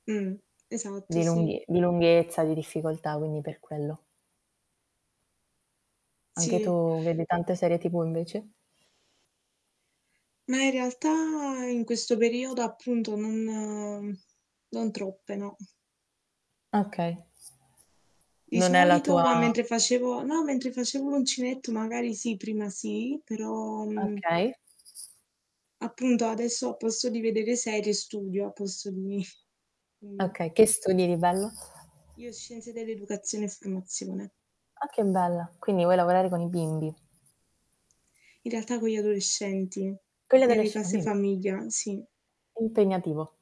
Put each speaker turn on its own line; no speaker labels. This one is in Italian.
Mh. Esatto
Di
sì.
lunghe di lunghezza, di difficoltà quindi per quello. Anche
Sì
tu vedi tante serie TV invece?
Ma in realtà in questo periodo, appunto, non non troppe no.
Okay.
Di
Non è la
solito qua
tua
mentre facevo no mentre facevo l'uncinetto, magari sì, prima sì, però, mhmm
Okay.
Appunto, adesso a posto di vedere serie, studio al posto di quindi
Okay, che studi di bello?
Io scienze dell'educazione e formazione.
Ah, che bello, quindi vuoi lavorare con i bimbi.
In realtà con gli adolescenti ne
Con gli
nelle
adolesc
case
dimmi.
famiglia, sì.
Impegnativo.